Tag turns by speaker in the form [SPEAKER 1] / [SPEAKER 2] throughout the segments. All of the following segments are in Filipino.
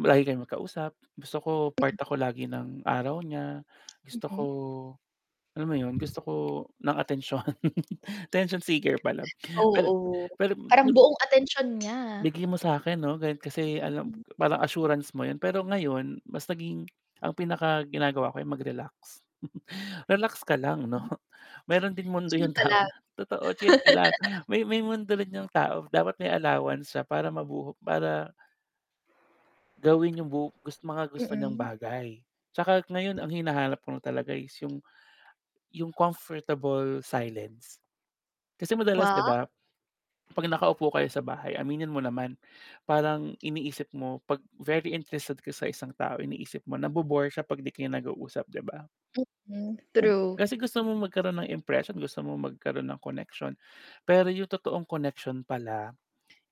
[SPEAKER 1] Lagi kayong magkausap, gusto ko part
[SPEAKER 2] [unintelligible]
[SPEAKER 1] ako lagi ng araw niya, gusto ko,
[SPEAKER 2] Mhm.
[SPEAKER 1] alam mo 'yon, gusto ko ng atensyon. Attention seeker pala, pero,
[SPEAKER 2] Oo,
[SPEAKER 1] hmm pero,
[SPEAKER 2] parang
[SPEAKER 1] hmm.
[SPEAKER 2] buong atensyon niya.
[SPEAKER 1] Bigay mo sa'kin 'no, ganun kasi alam
[SPEAKER 2] Mm.
[SPEAKER 1] parang assurance mo 'yun, pero ngayon mas naging ang pinakaginagawa ko ay mag-relax. Relax ka lang 'no,
[SPEAKER 2] Hmm.
[SPEAKER 1] meron din mundo
[SPEAKER 2] Chill
[SPEAKER 1] 'yung
[SPEAKER 2] ka
[SPEAKER 1] tao
[SPEAKER 2] lang.
[SPEAKER 1] nga totoo, chill ka lang. May may mundo rin 'yung tao, dapat may allowance siya para mabuho para Gawin 'yung bu gus mga gusto niyang
[SPEAKER 2] Mm.
[SPEAKER 1] bagay. Tsaka ngayon ang hinahanap kong talaga is 'yung 'yung comfortable silence. Kasi madalas 'di
[SPEAKER 2] Wa
[SPEAKER 1] ba, 'pag nakaupo kayo sa bahay, aminin mo naman, parang iniisip mo 'pag very interested ka sa isang tao, iniisip mo nabo-bore siya 'pag di kayo nag-uusap, 'di ba?
[SPEAKER 2] Mm,
[SPEAKER 1] Siyem
[SPEAKER 2] true.
[SPEAKER 1] kasi gusto mong magkaroon ng impression, gusto mong magkaroon ng connection, pero 'yung totoong connection pala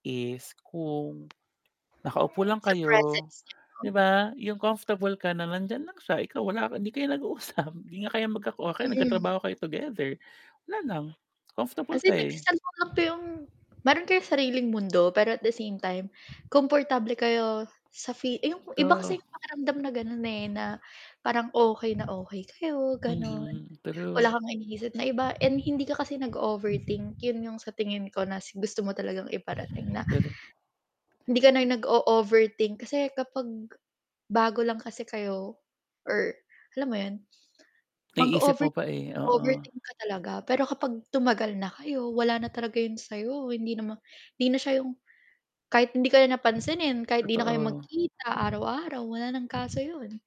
[SPEAKER 1] is kung nakaupo lang
[SPEAKER 2] Sa
[SPEAKER 1] kayo,
[SPEAKER 2] presence niya,
[SPEAKER 1] 'di
[SPEAKER 2] oh.
[SPEAKER 1] ba, 'yung comfortable ka na nandiyan lang siya, ikaw wala, hindi kayo nag-uusap, 'di nga kayo magka o 'di kaya
[SPEAKER 2] Mm.
[SPEAKER 1] nagtatrabaho kayo together, wala lang comfortable
[SPEAKER 2] As in,
[SPEAKER 1] ka, eh.
[SPEAKER 2] nagse-cellphone lang po 'yung meron kayong sariling mundo, pero at the same time, komportable kayo sa fee eh, 'yung po iba kasi
[SPEAKER 1] Oo.
[SPEAKER 2] 'yung pakiramdam na gano'n, eh, na parang okey na okey kayo, gano'n.
[SPEAKER 1] Mhm, true.
[SPEAKER 2] Wala kang iniisip na iba and hindi ka kasi nag-o-overthink, 'yun 'yung sa tingin ko na s gusto mo talagang iparating, na
[SPEAKER 1] Pero
[SPEAKER 2] hindi ka na nag-o-overthink. Kasi kapag bago lang kasi kayo or alam mo 'yon,
[SPEAKER 1] Naiisip mo
[SPEAKER 2] mag-o-over
[SPEAKER 1] pa, eh, oo.
[SPEAKER 2] overthink ka talaga, pero kapag tumagal na kayo, wala na talaga 'yon sa'yo. Hindi naman hindi na siya 'yong kahit hindi kayo na pansinin, kahit 'di na kayo
[SPEAKER 1] Totoo.
[SPEAKER 2] magkita araw-araw, wala ng kaso 'yon.